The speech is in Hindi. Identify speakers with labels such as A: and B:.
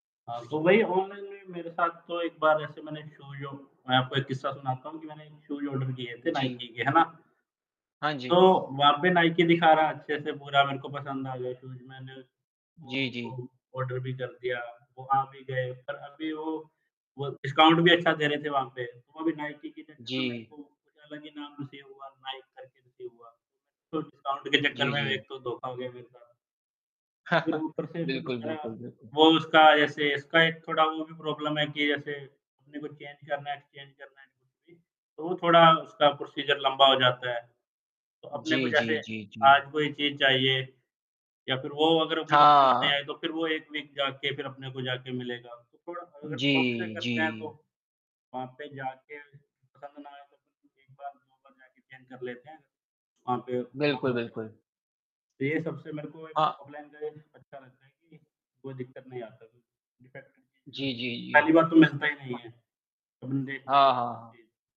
A: हाँ, तो वही ऑनलाइन में मेरे साथ तो एक बार ऐसे मैंने शोयू मैं आपको एक किस्सा सुनाता हूँ कि मैंने शूज़ ऑर्डर किए थे
B: जी।
A: नाइकी के, है ना?
B: हाँ
A: तो
B: जी।
A: वहाँ पे नाइकी दिखा रहा है अच्छे से पूरा मेरे को पसंद आ गया शूज़, मैंने वो
B: जी,
A: उसको
B: जी।
A: शूज़ ऑर्डर भी कर दिया, वो आ भी गए। पर अभी वो वो डिस्काउंट भी अच्छा दे रहे थे वहाँ पे, तो वहाँ भी नाइकी के चक्कर में मेरे
B: जी।
A: को कुछ अलग ही नाम रिसीव हुआ, नाइक करके रिसीव हुआ, तो डिस्काउंट के चक्कर
B: जी,
A: में
B: जी।
A: एक तो धोखा हो गया मेरे साथ। फिर ऊपर से फिर
B: बिल्कुल,
A: दूसरा,
B: बिल्कुल, बिल्कुल।
A: वो उसका ऐसे इसका एक थोड़ा वो भी प्रॉब्लम है कि जैसे, अपने को चेंज करना है, एक्सचेंज करना है, कुछ भी, तो वो थोड़ा उसका प्रोसीजर लंबा हो जाता है। तो अपने को
B: जी,
A: जैसे
B: जी, जी, जी।
A: आज कोई चीज़ चाहिए या फिर वो अगर अपने को पसंद नहीं
B: हाँ।
A: आये, तो फिर वो एक वीक जा के फिर अपने को जाके मिलेगा। तो थोड़ा अगर शॉप से
B: जी,
A: करते हैं, तो,
B: जी।
A: वहाँ पे जाके पसंद ना आये, तो फिर 1 बार 2 बार जाके चेंज कर लेते हैं। वहाँ पे।
B: बिल्कुल, बिल्कुल।
A: [unintelligible] तो ये सबसे मेरे को एक
B: अ
A: ऑफलाइन का ये चीज़ अच्छा लगता है कि, कोई दिक्कत नहीं आता तो डिफ़ेक्ट है चीज़ में
B: जी,
A: तो।
B: जी, जी।
A: पहली बात तो मिलता ही नहीं
B: अ
A: है, हम देख के
B: हाँ,
A: लेते
B: हाँ,
A: हैं
B: हाँ।
A: चीज़।